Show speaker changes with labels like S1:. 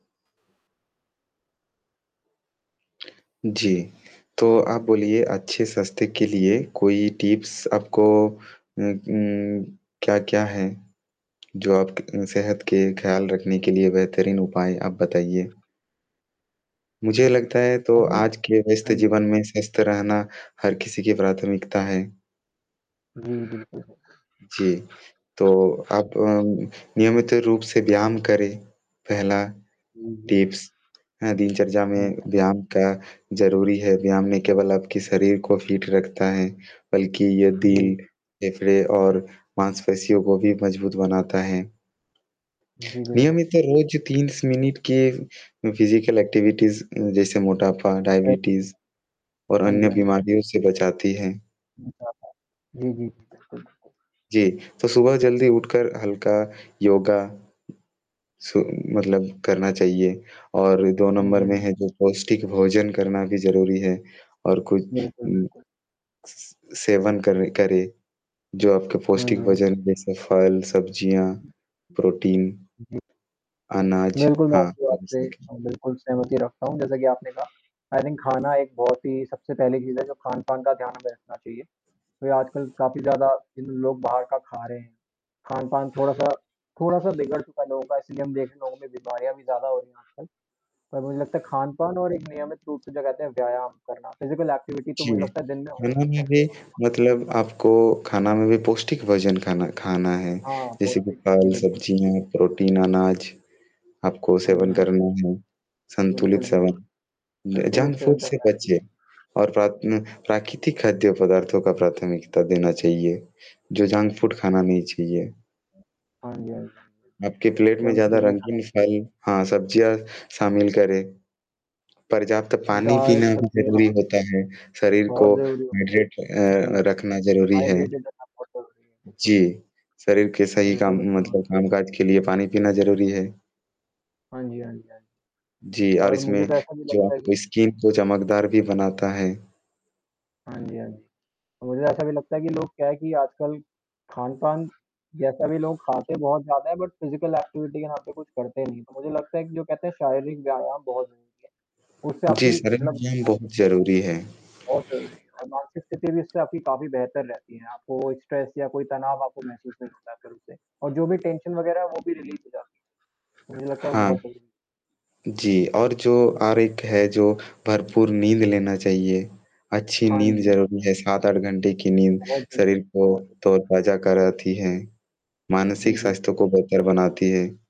S1: जी। तो आप बोलिए अच्छे सस्ते के लिए कोई टिप्स आपको उम उम, क्या-क्या है? जो आप क सेहत के ख़्याल रखने के लिए बेहतरीन उपाय आप बताइए? मुझे लगता है
S2: हाँ
S1: तो
S2: जी।
S1: आज के व्यस्त
S2: हाँ जी।
S1: जीवन में स्वस्थ रहना, हर किसी की प्राथमिकता है।
S2: जी, बिल्कुल।
S1: जी। तो आप अ, नियमित रूप से व्यायाम करें, पहला
S2: हुँ, हुँ।
S1: टिप्स हाँ, दिनचर्या में
S2: [unintelligible]
S1: व्यायाम का ज़रूरी है, व्यायाम ना केवल आपके शरीर को फ़ीट रखता है, बल्कि ये
S2: जी।
S1: दिल, फेफड़े और मासपेशियों को भी मजबूत बनाता है।
S2: जी, बिल्कुल।
S1: नियमित रोज़ 30 मिनट के फिज़िकल एक्टिविटीज़ स जैसे मोटापा,
S2: [unintelligible]
S1: डायबिटीज़ और
S2: हाँ जी,
S1: अन्य
S2: हाँ जी, हाँ जी।
S1: बीमारियों से बचाती हैं।
S2: [unintelligible] जी, जी। बिल्कुल।
S1: जी, तो सुबह जल्दी उठकर हल्का योगा सु मतलब करना चाहिए और 2
S2: हाँ जी,
S1: नंबर
S2: हाँ
S1: में
S2: जी।
S1: है जो पौष्टिक भोजन करना भी ज़रूरी है और कुछ
S2: बिल्कुल,
S1: हुँ।
S2: बिल्कुल।
S1: स सेवन कर करे, जो आपके पौष्टिक
S2: हुँ, जी।
S1: भोजन जैसे फल, सब्ज़ियाँ, प्रोटीन,
S2: जी।
S1: अनाज,
S2: बिल्कुल, मैं
S1: हाँ,
S2: आपकी बात से
S1: बिल्कुल।
S2: बिल्कुल सहमति रखता हूँ, जैसा कि आपने कहा, आई थिंक खाना एक बहुत ही सबसे पहली चीज़ है जो खान-पान का ध्यान भी रखना चाहिए। वह आजकल काफ़ी ज़्यादा जिन लोग बाहर का खा रहे हैं, खान-पान थोड़ा-सा थोड़ा-सा बिगड़ चुका है लोगों का, इसलिए हम देखता हूँ कि बीमारियाँ भी ज़्यादा हो रही है आजकल। और मुझे लगता है खान-पान और एक नियमित रूप से लगातार व्यायाम करना, फ़िज़िकल एक्टिविटी तो मुझे
S1: जी।
S2: लगता है दिन में हो
S1: खाना में
S2: चाहिए
S1: भी
S2: रोज़ का।
S1: मतलब आपको खाना में भी पौष्टिक भोजन खाना खाना है,
S2: हाँ, हाँ, बहुत
S1: जैसे कि
S2: सही, जी,
S1: फल,
S2: बिल्कुल।
S1: सब्ज़ियाँ, प्रोटीन, अनाज, आपको
S2: हाँ जी,
S1: सेवन
S2: हाँ जी।
S1: करना है, संतुलित
S2: बिल्कुल,
S1: सेवन,
S2: बिल्कुल।
S1: ज
S2: संतुलित
S1: जंक फूड
S2: सेवन
S1: से
S2: करना चाहिए।
S1: बचिए। और रात में प्राकृतिक खाद्य पदार्थों का प्राथमिकता देना चाहिए, जो जंक फ़ूड खाना नहीं चाहिए।
S2: हाँ जी, हाँ जी।
S1: आपके प्लेट में
S2: जंक
S1: ज़्यादा
S2: फूड नहीं खाना
S1: रंगीन
S2: चाहिए।
S1: फल हाँ, सब्जियाँ शामिल करें, पर्याप्त पानी
S2: दाल,
S1: पीना भी
S2: सब्ज़ी
S1: ज़रूरी
S2: हाँ
S1: होता है, शरीर को
S2: बहुत ज़रूरी है।
S1: हाइड्रेट
S2: जी,
S1: अ, रखना ज़रूरी है।
S2: हाइड्रेटेड रखना बहुत ज़रूरी है।
S1: जी,
S2: जी।
S1: शरीर के सही काम
S2: बिल्कुल बनता है, हाँ।
S1: मतलब कामकाज के लिए पानी पीना ज़रूरी है।
S2: हाँ जी, हाँ जी, हाँ जी।
S1: जी, और
S2: और मुझे
S1: इसमें
S2: तो ऐसा भी
S1: जो
S2: लगता है कि
S1: आपको स्किन को चमकदार भी बनाता है।
S2: हाँ जी, हाँ जी। मुझे ऐसा भी लगता है कि लोग क्या है कि आजकल खान-पान, जैसा भी लोग खाते हैं बहुत ज़्यादा है, बट फ़िज़िकल एक्टिविटी के नाम पे कुछ करते नहीं है। तो, मुझे लगता है कि जो कहते हैं शारीरिक व्यायाम बहुत ज़रूरी है, उससे
S1: जी,
S2: आपकी
S1: शरीर
S2: मतलब
S1: व्यायाम
S2: हेल्थ
S1: बहुत ज़रूरी है।
S2: बहुत ज़रूरी है और मानसिक स्थिति भी उससे आपकी काफ़ी बेहतर रहती है। आपको स्ट्रेस या कोई तनाव आपको महसूस नहीं होता फिर उससे और जो भी टेंशन वगैरह वो भी रिलीज़ हो जाती है। मुझे लगता है वो
S1: हाँ,
S2: बहुत सही है।
S1: जी, और जो आरक्त है, जो भरपूर नींद लेना चाहिए। अच्छी
S2: हाँ
S1: नींद
S2: जी।
S1: ज़रूरी है 7-8 घंटे की नींद
S2: बहुत बढ़िया
S1: शरीर को
S2: बहुत बढ़िया।
S1: तरोताज़ा कराती है,
S2: जी,
S1: मानसिक
S2: जी।
S1: स्वास्थ्य को बेहतर बनाती है।